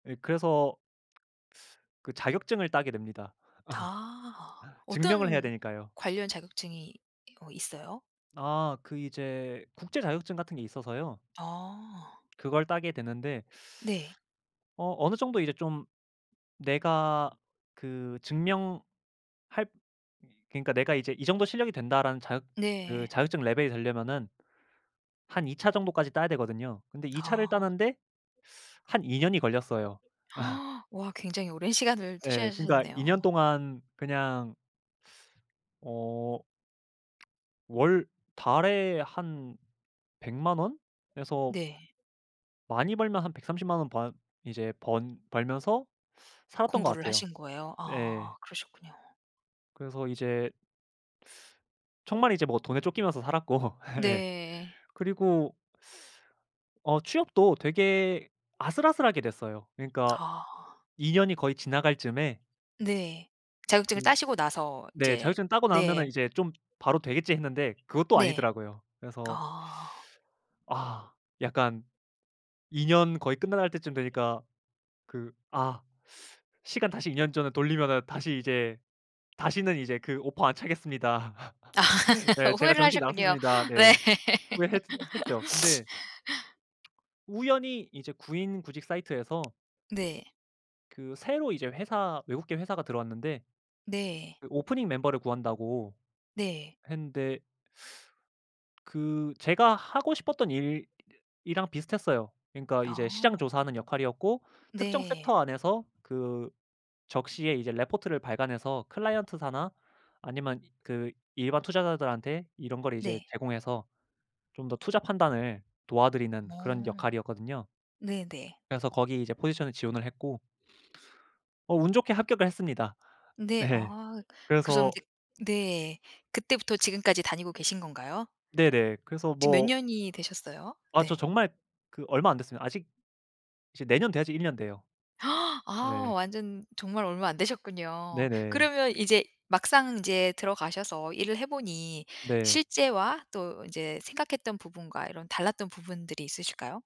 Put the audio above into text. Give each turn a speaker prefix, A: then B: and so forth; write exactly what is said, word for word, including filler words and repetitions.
A: 예 그래서 그 자격증을 따게 됩니다.
B: 아.
A: 증명을 해야
B: 어떤
A: 되니까요.
B: 관련 자격증이 이거 있어요?
A: 아 그 이제 국제 자격증 같은 게 있어서요.
B: 아.
A: 그걸 따게 됐는데
B: 네.
A: 어 어느 정도 이제 좀 내가 그 증명할 그러니까 내가 이제 이 정도 실력이 된다라는 자격 그
B: 네.
A: 자격증 레벨이 되려면은 한 이 차 정도까지 따야 되거든요. 근데 이 차를
B: 아.
A: 따는데 한 이년이 걸렸어요.
B: 와. 굉장히 오랜 시간을
A: 예. 그러니까
B: 투자하셨네요.
A: 이년 동안 그냥 어 월 달에 한 백만 원에서
B: 네.
A: 많이 벌면 한 백삼십만 원 바 이제 번 벌면서 살았던 것
B: 공부를
A: 같아요.
B: 하신 거예요? 아
A: 네.
B: 그러셨군요.
A: 그래서 이제 정말 이제 뭐 돈에 쫓기면서 살았고. 예.
B: 네.
A: 그리고 어 취업도 되게 아슬아슬하게 됐어요. 그러니까
B: 아.
A: 이 년이 거의 지나갈 쯤에
B: 네. 자격증을
A: 그
B: 따시고 나서
A: 네.
B: 이제
A: 자격증 따고 나면은
B: 네.
A: 이제 좀 바로 되겠지 했는데 그것도
B: 네.
A: 아니더라고요. 그래서
B: 아.
A: 아. 약간 이 년 거의 끝나갈 때쯤 되니까 그 아 시간 다시 이 년 전으로 돌리면은 다시 이제 다시는 이제 그 오퍼 안 차겠습니다. 네 제가
B: 후회를
A: 정신이
B: 하셨군요.
A: 나갔었습니다.
B: 네.
A: 네. 후회했 했죠. 근데 우연히 이제 구인 구직 사이트에서
B: 네.
A: 그 새로 이제 회사 외국계 회사가 들어왔는데
B: 네.
A: 그 오프닝 멤버를 구한다고
B: 네.
A: 했는데 그 제가 하고 싶었던 일이랑 비슷했어요. 그러니까 이제
B: 아.
A: 시장 조사하는 역할이었고 특정
B: 네.
A: 섹터 안에서 그 적시에 이제 레포트를 발간해서 클라이언트사나 아니면 이 그 일반 투자자들한테 이런 거를 이제
B: 네.
A: 제공해서 좀 더 투자 판단을 도와드리는 그런
B: 어.
A: 역할이었거든요.
B: 네네.
A: 그래서 거기 이제 포지션을 지원을 했고 어 운 좋게 합격을 했습니다.
B: 네.
A: 네.
B: 아 그럼
A: 그래서
B: 이제 네. 그때부터 지금까지 다니고 계신 건가요?
A: 네네. 그래서
B: 지금 몇
A: 뭐
B: 년이 되셨어요?
A: 아 저
B: 네.
A: 정말 그 얼마 안 됐습니다. 아직 이제 내년 돼야지 일 년 돼요.
B: 아
A: 네.
B: 완전 정말 얼마 안 되셨군요.
A: 네네.
B: 그러면 이제 막상 이제 들어가셔서 일을 해보니
A: 네.
B: 실제와 또 이제 생각했던 부분과 이런 달랐던 부분들이 있으실까요?